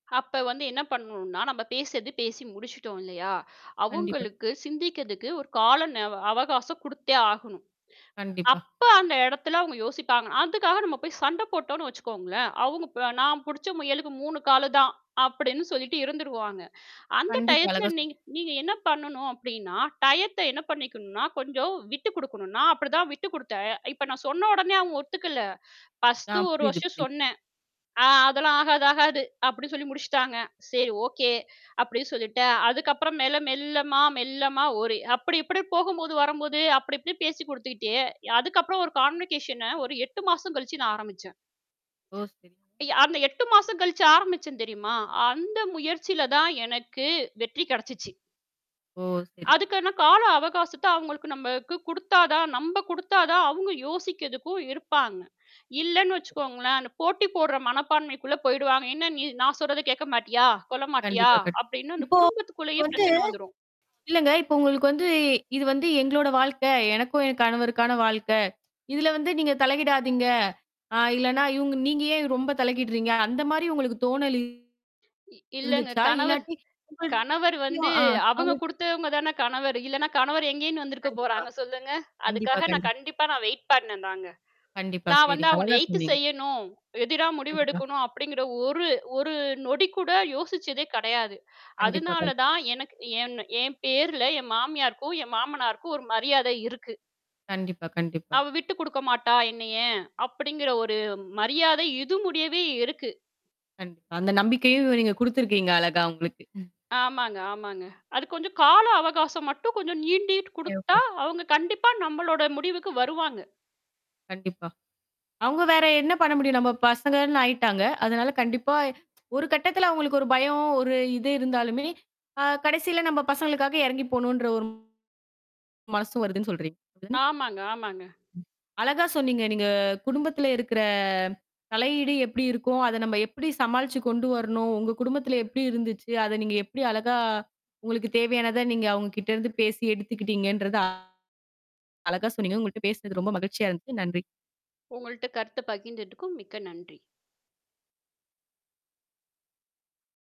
அப்ப வந்து என்ன பண்ணனும்னா, நாம பேசுறது பேசி முடிச்சிட்டோம் இல்லையா? கண்டிப்பா. அவுங்களுக்கு சிந்திக்கறதுக்கு ஒரு கால ந அவகாசம் குடுத்தே ஆகணும். கண்டிப்பா. அப்போ அந்த எடத்துல அவுங்க யோசிப்பாங்க. அதுக்காக நம்ம போய்ச் சண்டை போட்டோம்ன்னு வச்சுக்கோங்களேன், அவுங்க ப்ப, "நான் புடிச்ச முயலுக்கு 3 காலுதான்" அப்படின்னு சொல்லிட்டு இருந்துருவாங்க. அந்த கண்டிப்பா டயத்துல அழகா சொ நீங்க நீங்க என்ன பண்ணணும் அப்படின்னா? டயத்தை என்ன பண்ணிக்கணும்னா, கொஞ்சம் விட்டுக்குடுக்கணும், நா அப்படித்தான் விட்டுக்குடுத்தேன். இப்ப நான் சொன்னவுடனே அவுங்க ஒத்துக்கலை. ஆ, ஃபஸ்ட்டு ஒரு புரியுது, வருஷம் புரியுது. சொன்னேன். "ஆ, அதெல்லாம் ஆகாது, ஆகாது!" அப்படி சொல்லி முடிச்சிட்டாங்க. "சரி, ஓகே" அப்படின்னு சொல்லிட்டேன். அதுக்கப்புறம் மேல, மெல்லமா, மெல்லமா ஒரு அப்படி இப்படி போகும்போது, வரும்போது அப்படி இப்படி பேசிக்கொடுத்துக்கிட்டே, அதுக்கப்புறம் ஒரு கான்வர்சேஷன ஒரு 8 மாசம் கழிச்சு நான் ஆரம்பிச்சேன். ஓ, சரி. அய் அந்த 8 மாசம் கழிச்சு ஆரம்பிச்சேன் தெரியுமா? அந்த முயற்சியிலதான் எனக்கு வெற்றி கெடைச்சுச்சு. ஓ, சரி. அதுக்கானா கால அவகாசத்தை அவுங்களுக்கு நம்மக்கு குடுத்தாதான், நம்ப குடுத்தாதான் அவுங்க யோசிக்கிறதுக்கும் இருப்பாங்க. இல்லன்னு வச்சுக்கோங்களேன், அந்தப் போட்டி போடுற மனப்பான்மைக்குள்ள போயிடுவாங்க. "என்னா நீ! நான் சொல்றதை கேட்க மாட்டியா? கொள்ள மாட்டியா?" கண்டிப்பா கண் அப்டின்னு அந்தக் இப்போ குடும்பத்துக்குள்ளேயே வந்து பிரச்சனை வந்துரும். இல்லைங்க. இப்போ உங்களுக்கு வந்து "இது வந்து எங்களோட வாழ்க்கை. எனக்கும் என் கணவருக்கான வாழ்க்கை. இதுல வந்து நீங்கத் தலையிடாதீங்க ஆ இல்லன்னா, இவுங்க நீங்க ஏன் ரொம்ப தலையிடுறீங்க?" அந்த மாரி உங்களுக்குத் தோணல் இ இல்லங்க, இருந்துச்சா? கணவர் இல்லாட்டி. [unintelligible] கணவர் வந்து, ஆ அவுங்க [unintelligible] குடுத்தவங்கதானே கணவர். இல்லன்னா கணவர் எங்கேருந்து கண்டிப்பா, வந்திருக்கப்போறாங்க? சொல்லுங்க! கண்டிப்பா, அதுக்காக நான் கண்டி கண்டிப்பா நான் வெயிட் பண்னேன்தாங்க. கண்டிப்பா. நான் சரி, வந்து அவங்கள அழகா எதுத்து சொன்னீங்க. செய்யணும், எதிரா முடிவு கண்டிப்பா. எடுக்கணும், அப்படிங்கிற ஒரு ஒரு நொடி கூட யோசிச்சதே கிடையாது. கண்டிப்பா, கண் அதுனாலதான் எனக்கு ஏன்ன என் பேருல என் மாமியாருக்கும், என் மாமனாருக்கும் ஒரு மரியாதை இருக்கு. கண்டிப்பா, கண்டிப்பா. "அவ விட்டுக்குடுக்க மாட்டா என்னைய" அப்படிங்கிற ஒரு மரியாதை இது முடியவே இருக்கு. கண் அந்தக் நம்பிக்கையும் நீங்க குடுத்திருக்கீங்க, அழகா அவுங்களுக்கு ஆமாங்க, ஆமாங்க. அது கொஞ்சம் கால அவகாசம் மட்டும் கொஞ்சம் நீண்டிட் குடுத்தா, தேவப்பட அவுங்க கண்டிப்பா நம்பளோட முடிவுக்கு வருவாங்க. கண்டிப்பா. அவுங்க வேற என்ன பண்ண முடியும்? நம்ம பசங்கன்னு ஆயிட்டாங்க. அதனால கண்டிப்பா ஒரு கட்டத்துல அவங்களுக்கு ஒரு பயம், ஒரு இது இருந்தாலுமே, அ கடைசியில நம்ம பசங்களுக்காக எறங்கி போணுன்ற ஒரு மனசு வருதுன்னு சொல்றீங்க தானே? ஆமாங்க, ஆமாங்க. ம் அழகா சொன்னீங்க, நீங்க குடும்பத்துல இருக்கிற தலையீடு எப்படி இருக்கும்? அதை நம்ப எப்டி சமாளிச்சு கொண்டு வரணும்? உங்க குடும்பத்துல எப்டி இருந்துச்சு? அதை நீங்க எப்டி அழகா, உங்களுக்குத் தேவையானதை நீங்க அவங்க கிட்ட இருந்து பேசி எடுத்துக்கிட்டீங்கன்றத, அழகா சொன்னீங்க. உங்கள்ட்ட பேசுனது ரொம்ப மகிழ்ச்சியா இருந்துது. நன்றி! உங்கள்ட்ட கருத்த பகிர்ந்துட்டதுக்கும் மிக்க நன்றி!